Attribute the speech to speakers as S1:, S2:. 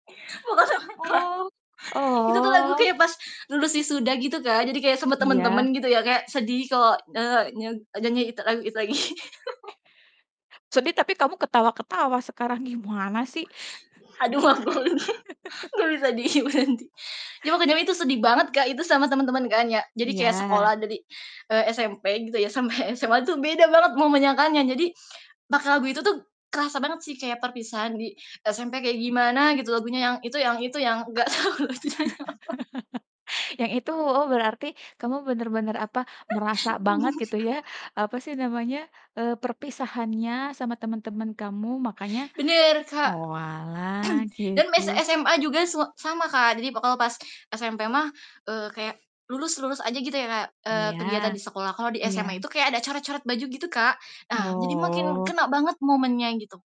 S1: Oh.
S2: Itu tuh lagu
S1: Oh.
S2: kayak pas lulus wisuda gitu Kak, jadi kayak sama
S1: Iya.
S2: temen-temen gitu ya kayak sedih kalau, eee, nye nyanyi itu lagu itu lagi.
S1: Sedih tapi kamu ketawa-ketawa sekarang gimana sih.
S2: Aduh aku lagi gak bisa diam nanti. Ya waktu jaman itu sedih banget Kak, itu sama temen-temen kan ya, jadi
S1: Iya.
S2: kayak sekolah dari, eee, SMP gitu ya sampai SMA itu beda banget mau menyangkanya, jadi makna lagu itu tuh kerasa banget sih kayak perpisahan di SMP kayak gimana gitu, lagunya yang itu yang itu yang gak tahu gunanya
S1: Yang itu
S2: apa.
S1: oh berarti kamu bener-bener apa, merasa banget gitu ya, apa sih namanya, eee, perpisahannya sama temen-temen kamu makanya
S2: Bener Kak.
S1: oalah
S2: Dan
S1: gitu.
S2: mess SMA juga s sama Kak, jadi pokoknya pas SMP mah, eee, kayak lulus lulus aja gitu ya kayak, eee,
S1: Iya.
S2: kelihatan di sekolah. Kalo di
S1: Iya.
S2: SMA itu kayak ada corat-coret baju gitu Kak, nah jadi makin
S1: Oh.
S2: kena banget momennya, gitu.